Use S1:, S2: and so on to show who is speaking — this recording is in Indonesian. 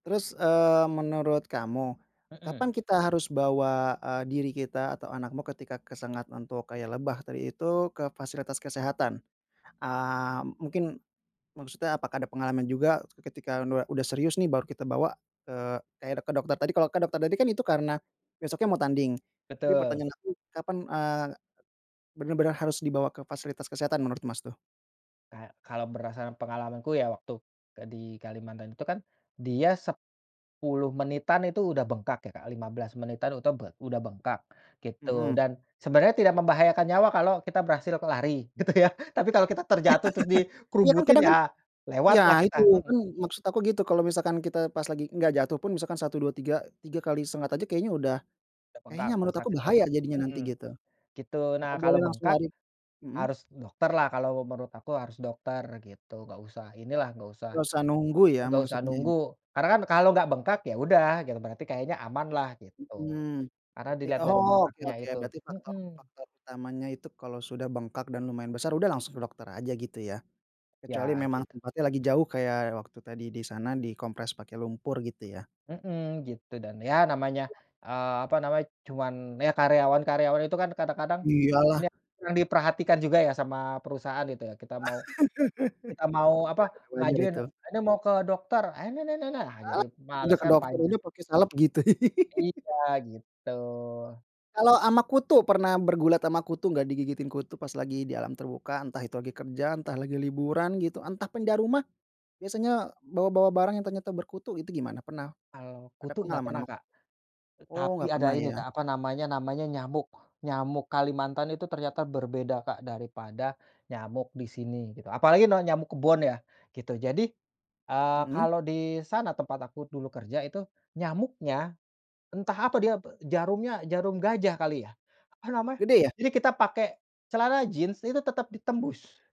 S1: Terus eee, menurut kamu.
S2: Heeh.
S1: Kapan kita harus bawa, eee, diri kita atau anakmu ketika kesengat untuk kayak lebah tadi itu ke fasilitas kesehatan? Eee, mungkin, maksudnya apakah ada pengalaman juga ketika nua udah serius nih baru kita bawa ke, eee, kayak ke dokter tadi. Kalau ke dokter tadi kan itu karena besoknya mau tanding, tapi
S2: Betul.
S1: pertanyaan aku, kapan, eee, benar-benar harus dibawa ke fasilitas kesehatan menurut, Mas, tuh?
S2: Nah, kalau berdasarkan pengalamanku ya, waktu di Kalimantan itu kan dia 10 menitan itu udah bengkak ya Kak, 15 menitan itu bed udah bengkak gitu
S1: Mhm.
S2: dan sebenarnya tidak membahayakan nyawa kalau kita berhasil k lari gitu ya. Tapi kalau kita terjatuh, terus
S1: Iya, kan
S2: dikerubutin,
S1: kadang,
S2: ya
S1: kan
S2: lewat
S1: iya
S2: lah kita.
S1: itu,
S2: Mhm.
S1: kan maksud aku gitu. Kalau misalkan kita pas lagi enggak jatuh pun misalkan 1, 2 tiga tiga kali sengat aja kayaknya udah,
S2: Te bengkak
S1: kayaknya
S2: yang
S1: menurut aku
S2: sakit
S1: bahaya
S2: banget
S1: jadinya nanti
S2: mhm.
S1: gitu.
S2: Gitu. Nah,
S1: Apa boleh
S2: kalau
S1: langsung
S2: bengkak,
S1: lari mhm.
S2: harus dokter lah, kalau menurut aku harus dokter gitu. Enggak usah inilah, enggak usah
S1: Enggak usah nunggu ya
S2: enggak usah
S1: maksudnya ya?
S2: nunggu. Karena kan kalau enggak bengkak, ya udah gitu. Berarti kayaknya aman lah gitu,
S1: Mhm.
S2: karena
S1: Berati
S2: dilihat dari
S1: oke
S2: bengkaknya
S1: oke.
S2: itu
S1: Berarti faktor
S2: mhm.
S1: faktor utamanya itu kalau sudah bengkak dan lumayan besar, udah langsung dokter aja gitu ya. Kecuali
S2: Iya,
S1: memang
S2: gitu.
S1: tempatnya lagi jauh, kayak waktu tadi di sana, dikompres pakai lumpur gitu ya.
S2: Mhm, gitu. Dan, ya namanya, eee, apa namanya, cuman ya karyawan-karyawan itu kan kadang-kadang,
S1: Iya lah.
S2: nia yang diperhatikan juga ya sama perusahaan, gitu ya. Kita
S1: Ya,
S2: mau kita mau apa,
S1: tapi wajar
S2: ngajuin,
S1: itu.
S2: "Ini mau ke dokter," ah, jadi
S1: Ah,
S2: akhirnya
S1: tinggal
S2: males
S1: ke
S2: kan.
S1: dokter,
S2: Panjang.
S1: udah pake salep gitu.
S2: Iya, gitu.
S1: Kalau ama kutu, pernah bergulat ama kutu enggak? Digigitin kutu pas lagi di alam terbuka, entah itu lagi kerjaan, entah lagi liburan gitu, entah pindah rumah. Biasanya bawa-bawa barang yang ternyata berkutu itu gimana? Pernah
S2: Kalau
S1: ada
S2: kutu enggak
S1: pengalaman
S2: pernah,
S1: ama ku
S2: Kak. E
S1: oh
S2: tapi
S1: enggak
S2: ada
S1: pernah
S2: ini,
S1: ya.
S2: Kak, apa namanya namanya nyamuk. Nyamuk Kalimantan itu ternyata berbeda, Kak, daripada nyamuk di sini, gitu. Apalagi na nyamuk kebon ya gitu. Jadi, eee,
S1: Mhm.
S2: kalau di sana tempat aku dulu kerja itu nyamuknya, entah apa dia b jarumnya, jarum gajah kali ya? Apa namanya?
S1: Gede ya?
S2: Jadi kita pakai celana jeans itu tetap ditembus.